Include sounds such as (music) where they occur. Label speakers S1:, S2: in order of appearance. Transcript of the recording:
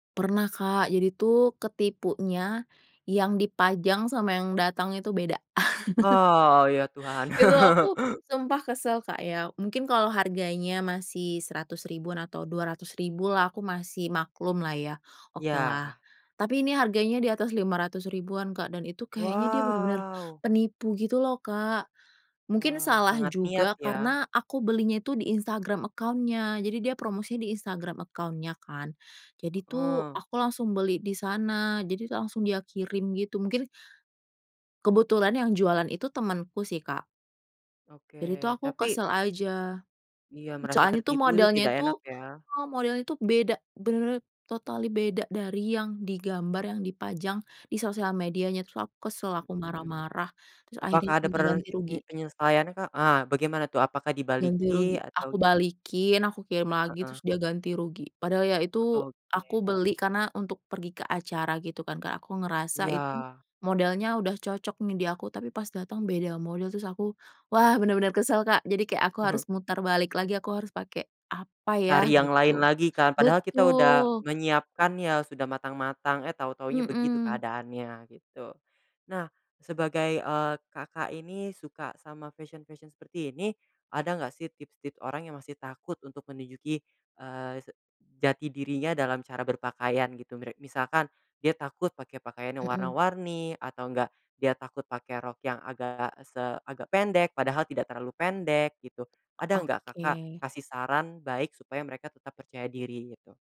S1: Pernah Kak, jadi tuh ketipunya yang dipajang sama yang datang itu beda. (chuckles)
S2: Oh ya Tuhan.
S1: Itu
S2: (chuckles)
S1: aku sumpah kesel Kak ya, mungkin kalau harganya masih Rp100.000-an atau Rp200.000 lah aku masih maklumlah ya, okelah.
S2: Ya.
S1: Tapi ini harganya di atas Rp500.000-an Kak dan itu kayaknya dia bener-bener
S2: Wow.
S1: penipu gitu loh Kak. Mungkin
S2: Wah,
S1: salah
S2: sangat niat
S1: juga
S2: ya.
S1: karena aku belinya itu di Instagram account-nya jadi dia promosi di Instagram account-nya kan, jadi tuh
S2: Heeh.
S1: aku langsung beli di sana, jadi langsung dia kirim gitu mungkin kebetulan yang jualan itu temenku sih Kak. Jadi tuh
S2: Oke,
S1: aku
S2: tapi
S1: kesel aja.
S2: Iya merasa
S1: Soalnya tuh
S2: tertipu itu
S1: modelnya
S2: tidak
S1: tuh
S2: enak ya.
S1: heeh, modelnya tuh beda, bener-bener totally beda dari yang di gambar yang dipajang di sosial medianya, terus aku kesel, aku
S2: Hmm.
S1: marah-marah, terus akhirnya
S2: Apakah ada
S1: minta ganti
S2: pernye
S1: rugi.
S2: penyelesaiannya Kak? Ah, bagaimana tuh apakah
S1: Ganti
S2: dibalikin
S1: rugi,
S2: atau
S1: aku
S2: gim
S1: balikin aku kirim lagi terus
S2: Heeh.
S1: dia ganti rugi, padahal ya
S2: He
S1: itu aku
S2: oke.
S1: beli karena untuk pergi ke acara gitu kan Kak, aku ngerasa itu
S2: Ya.
S1: modelnya udah cocok nih di aku, tapi pas datang beda model, terus aku, wah bener-bener kesel Kak jadi kayak aku
S2: Mhm.
S1: harus muter balik lagi aku harus pake apa ya
S2: Cari yang lain
S1: gitu.
S2: lagi kan. Padahal kita udah
S1: Betul.
S2: menyiapkan ya, sudah matang-matang, eh tahu-tahunya begitu
S1: Hmm.
S2: keadaannya gitu. Nah sebagai, eee, Kakak ini suka sama fashion-fashion seperti ini, ada nggak sih tips-tips orang yang masih takut untuk menujuki, eee, se jati dirinya dalam cara berpakaian gitu, mira misalkan dia takut pakai pakaian yang
S1: Hmm.
S2: warna-warni atau enggak dia takut pakai rok yang agak se agak pendek, padahal tidak terlalu pendek gitu, ada nggak
S1: Oke.
S2: Kakak kasih saran baik supaya mereka tetap percaya diri, gitu?